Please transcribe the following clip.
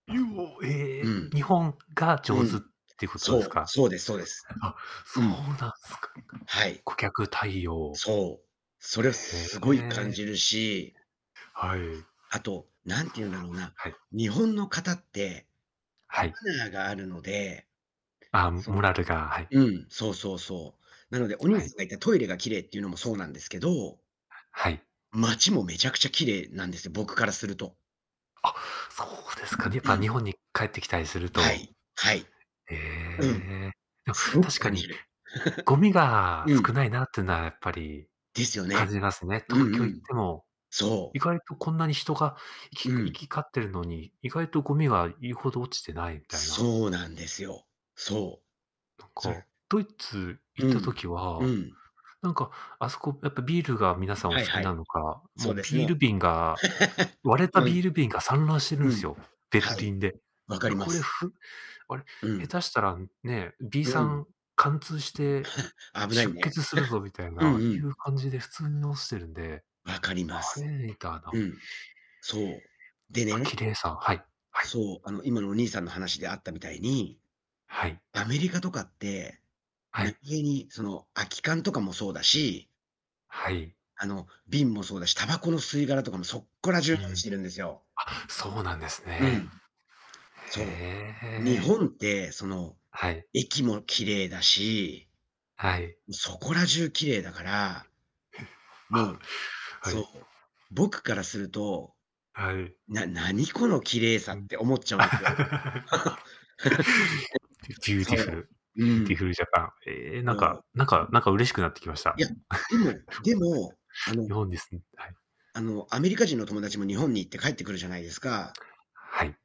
ゆお、えうえ。ん。日本がう上手っん。てことですそう。か。そうですそうです。あ、そううん。なんすか。はい。顧客対応。そう。それはへすごい感え。じるし。はい。あと、なんていうんだろうな、はい。日本の方って、はマい。ナーがあるので、あ、そモラのルがはい。うん、そうそうそう。なのでお兄はい。さんが言ったトイレが綺麗っていうのもそうなんですけどはい。街もめちゃくちゃ綺麗なんですよ、僕からすると。あ、そうですかね。やっうぱ日ん。本に帰ってきたりするはとい、はい。えうん、え。でもすごく確か感じにる。ゴミ がう少ん。ないなっとぅなやっぱりですよ感ね。じますね。う東京んう行っん。ても、そ意う。外とこんなに人がいきう行ん。き交ってるのに、意外とゴミが言うほど落ちてないみたいな。そうなんですよ。そう。なんそか、ドイツ行うったん、時うは、ん。なんか、あそこやっぱビールが皆さんおは好いきはない、のか、もそううですビールね。瓶が、割れたうビん。ール瓶が散乱してるうんすん。よ、ベルはい。リンで。分「いかやりまこれす。ふあれ、うん。下手したらね、ビーうサん。ン貫通して 危ない出ね。血するぞ」み たいうんうな、いん。う感じで普通に落ちてるんで、分かり「あます。れ？」う [unintelligible] ん。そう。きでぱ綺ね、麗さはいはい。そう、あの今のお兄さんの話であったみたいに、はい。アメリカとかって、は何い。気に、その空き缶とかもそうだしはい。あの、瓶もそうだし、タバコの吸い殻とかもそっこら中うに落ん。ちてるんですよあ、そうなんですうね。ん。へそえへう。日え。本って、その、はい。駅も綺麗だし、はい。そこら中綺麗だから。もあ、う、はい。そう、僕からすると、はい。な何この綺麗さうん。って思っちゃうんですよ。ビ ューティフそルう。うビューティん。フルジャパン。ええ、なんそう。かなんかなんか嬉しくなってきました。いや、でもでも、あ 日の本に住んはい。あの、アメリカ人の友達も日本に行って帰ってくるじゃないですか？はい。